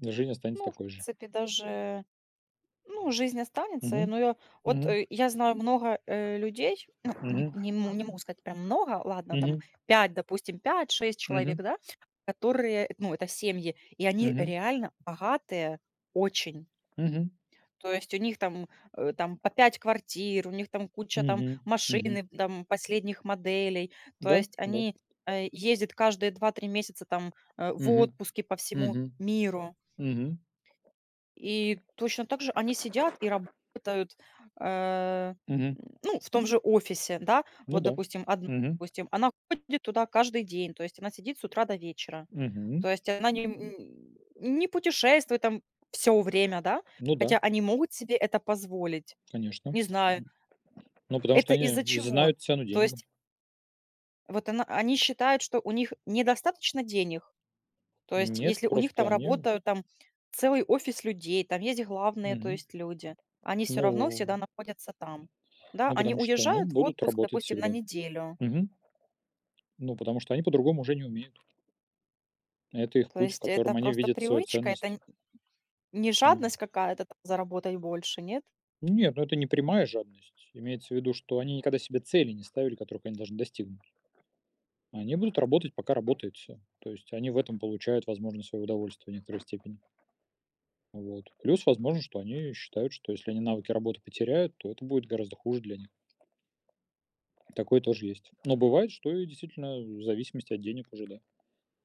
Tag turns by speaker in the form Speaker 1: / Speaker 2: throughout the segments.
Speaker 1: Жизнь останется
Speaker 2: Ну, в
Speaker 1: такой же.
Speaker 2: принципе даже, ну, жизнь останется. Э,
Speaker 1: Мгм.
Speaker 2: но я вот,
Speaker 1: Мгм.
Speaker 2: э, я знаю много, э, людей, ну,
Speaker 1: Мгм.
Speaker 2: не не мо могу сказать прям много, ладно,
Speaker 1: Мгм.
Speaker 2: там 5, допустим, 5-6 человек,
Speaker 1: Мгм.
Speaker 2: да, которые, э, ну, это семьи, и они
Speaker 1: Мгм.
Speaker 2: реально богатые очень.
Speaker 1: Мгм.
Speaker 2: То есть, у них там, э, там по 5 квартир, у них там куча там
Speaker 1: Мгм. Мгм.
Speaker 2: машины, там последних моделей. То
Speaker 1: Да,
Speaker 2: есть,
Speaker 1: да.
Speaker 2: они, а, ездят каждые 2-3 месяца там, э, в
Speaker 1: Мгм.
Speaker 2: отпуске по всему
Speaker 1: Мгм.
Speaker 2: миру.
Speaker 1: Мгм.
Speaker 2: И точно также они сидят и работают, э, м,
Speaker 1: Мгм.
Speaker 2: ну, в том же офисе. Да,
Speaker 1: Ну
Speaker 2: вот,
Speaker 1: да.
Speaker 2: допустим, 1
Speaker 1: Мгм.
Speaker 2: допустим, она ходит туда каждый день. То есть, она сидит с утра до вечера. То
Speaker 1: Мгм.
Speaker 2: есть, она не, м, н не путешествует там всё время, да,
Speaker 1: Ну да.
Speaker 2: хотя они могут себе это позволить.
Speaker 1: Конечно. М.
Speaker 2: Не знаю.
Speaker 1: Ну, потому что
Speaker 2: Это
Speaker 1: они, э,
Speaker 2: из-за чего?
Speaker 1: знают цену
Speaker 2: То
Speaker 1: деньгам.
Speaker 2: есть Вот она они считают, что у них недостаточно денег. То есть,
Speaker 1: Нет,
Speaker 2: если у них
Speaker 1: просто
Speaker 2: там
Speaker 1: они
Speaker 2: работают там целый офис людей, там есть главные, то
Speaker 1: Мгм.
Speaker 2: есть, люди. Они всё равно всегда
Speaker 1: Ну.
Speaker 2: находятся там. Да,
Speaker 1: Ну,
Speaker 2: они
Speaker 1: потому что они
Speaker 2: уезжают в
Speaker 1: будут
Speaker 2: отпуск,
Speaker 1: работать
Speaker 2: допустим, на
Speaker 1: всегда.
Speaker 2: неделю.
Speaker 1: Мгм. Ну, потому что они по-другому уже не умеют. Это их
Speaker 2: То
Speaker 1: путь, в
Speaker 2: есть это
Speaker 1: котором они
Speaker 2: просто
Speaker 1: видят свою
Speaker 2: привычка, это
Speaker 1: ценность.
Speaker 2: н не
Speaker 1: Мгм.
Speaker 2: жадность какая-то там- заработать больше, нет?
Speaker 1: Нет, ну, это не прямая жадность. Имеется в виду, что они никогда себе цели не ставили, которых они должны достигнуть. Они будут работать, пока работает всё. То есть они в этом получают, возможно, свое удовольствие в некоторой степени. Вот плюс возможно, что они считают, что если они навыки работы потеряют, то это будет гораздо хуже для них. Такое тоже есть. Но бывает, что и действительно, э, в зависимости от денег уже, да.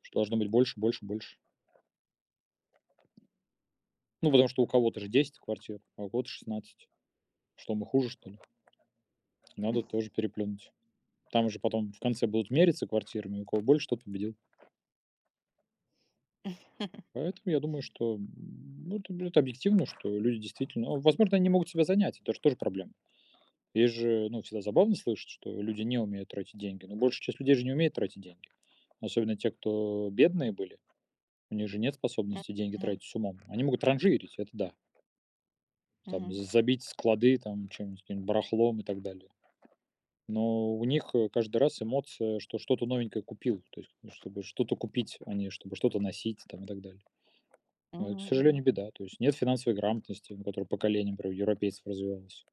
Speaker 1: Что должно быть больше, больше, больше. Ну, потому что у кого-то же 10 квартир, а у кого-то 16. Что мы хуже, что ли? Надо тоже переплюнуть. Там же потом в конце будут мериться квартирами, у кого больше- тот победил. Поэтому я думаю, что, м, ну, это будет объективно, что люди действительно А возможно, они не могут себя занять- это ж тоже тоже проблема. Есть же всегда забавно слышать, что люди не умеют тратить деньги. Но большая часть людей же не умеет тратить деньги. Особенно те, кто бедные были. У них же нет способности деньги
Speaker 2: Мгм.
Speaker 1: тратить с умом. Они могут транжирить- это да. Там
Speaker 2: Мгм.
Speaker 1: з забить склады там чем-нибудь барахлом и так далее. Но у них, э, каждый раз эмоция, что что-то новенькое купил. То есть, ну, чтобы что-то купить, а не чтобы что-то носить там и так далее. Ну это к
Speaker 2: Мгм.
Speaker 1: сожалению,
Speaker 2: Мгм.
Speaker 1: беда. То есть, нет финансовой грамотности, которая поколениями, например, у европейцев развивалась.